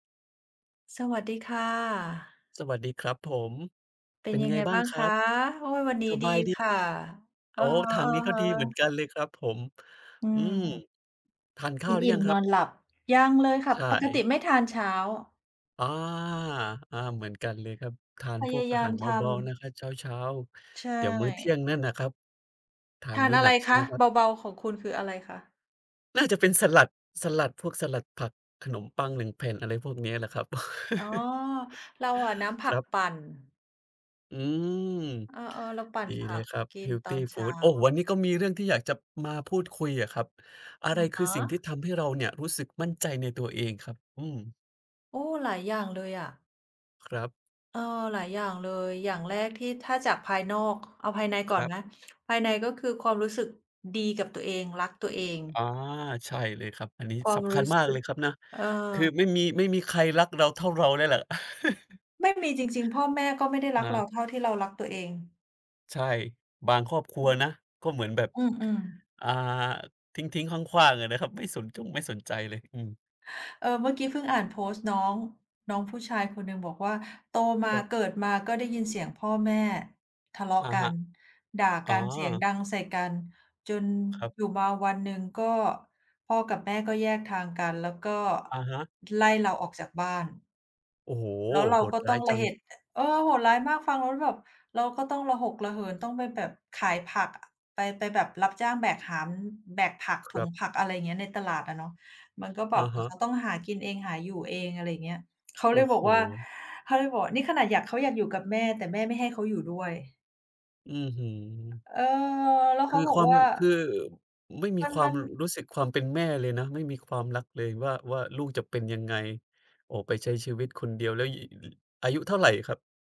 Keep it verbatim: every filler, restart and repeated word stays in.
สวัสดีค่ะ สวัสดีครับผม เป็เป็นนยัไงงไงบ้าบง้างครคัะ? บ? โอ้ วันนี้สดบีายดี ค่ะ โออ้ ือทางนี้ก็ฮึ ดีเหมือนๆ กันเลยครับผม อือืม ม กทานข้าวหรือยังคินอิ่มนรัอบ? นหลับ ยังเลยค่ะ ใชปกติ่ ไม่ทานเช้า อา ๆ เหมือนกันเลยครับ ทานพพยวกาอยาาหามรเทำ บา ๆ นะครับ เช้า ใชๆ เดี๋ยวมื้อเที่ย่ งนั่นนะครับ ทาทนามนื้ออะหนไัรกใช่คไหมะ? ครัเบ? บา ๆ ของคุณ คืออะไรคะ? น่าจะเป็นสลัด สลัดพวกสลัดผักขนมปัง หนึ่ง แผ่น อะไรพวกเนี้ยแหละครับ อ๋อ เราอะน้ำผคัรกับ ปั่น อืม เออ ๆ เราปั่ดนีผเัลยกครับ กิเฮนลตทอีนเฟชู้า ด โอ้! วันนี้ก็มีเรื่องที่อยากจะมาพูดคุยอะครับ อะอไระคฮือสิ่งที่ะ ทำให้เราเนี่ย รู้สึกมั่นใจในตัวเองครับ? อืม โอ้! หลายอย่างเลยอะ ครับ เออ หลายอย่างเลย อย่างแรก ที่ ถ้าจากภายนอก เอาภายในกค่อรนับ นะ ภายใน ก็คือความรู้สึก ดีกับตัวเอง รักตัวเอง อา ใช่เลยครับ อันนี้ควาสมำครัูญ้มาสกึเลก ยครับนะ เอคืออ ไม่มี ไม่มีใครรักเราเท่าเราแล้วแหละ ไม่มีจริง ๆ พ่อแม่ ก็ไม่ได้รอักเรา าเท่าที่เรารักตัวเอง ใช่ บางครอบครัวนะ ก็เหมือนแบบ อือ ๆ อ่า ทิ้ง ๆ ขว้าง ๆ อะนะครับ ไม่สนจงไม่สนใจเลย อืม เออ เมื่อกี้เพิ่งอ่านโพสต์น้อง น้องผู้ชายคนหนึ่งบอกว่า "โตมคา รับ เกิดมาก็ได้ยินเสียงพ่อแม่ทะเลาะอะกัฮะ น ด่าอก๋อ ันเสียงดังใส่กัน จนครับ อยู่มาวันหนึ่ง ก็พ่อกับแม่ก็แยกทางกัน แล้วก็อะฮะ ไล่เราออกจากบ้าน" โอ้โฮ แล้วเรโาหดก็รต้้าอยงจรัะง เห็จ อ เออ โหดร้ายมากฟังแล้วแบบ เราก็ต้องระหกระเหินต้องไปแบบขายผักอะ ไป ไปแบบรับจ้างแบกหามแบกผักคถุรังบ ผัก อะไรอย่างนี้ ในตลาดอะเนาะ มันก็แบอะบ อฮะ เะ ขาต้องหากินเองหาอยู่เอง อะไรอย่างนี้ เขาโอเล้ยบโอฮ กว่า เขาเลยบอก "นี่ขนาดอยาก เขาอยากอยู่กับแม่ แต่แม่ไม่ให้เขาอยู่ด้วย" อื้อฮือ เออ แล้วคเขืาอบคอกวาม ว่า คือ ไม่มีมัน ควมาัมน รู้สึก ความเป็นแม่เลยนะ ไม่มีความรักเลยว่า ว่าลูกจะเป็นยังไง ออกไปใช้ชีวิตคนเดียวแล้ว อายุเท่าไรครับ?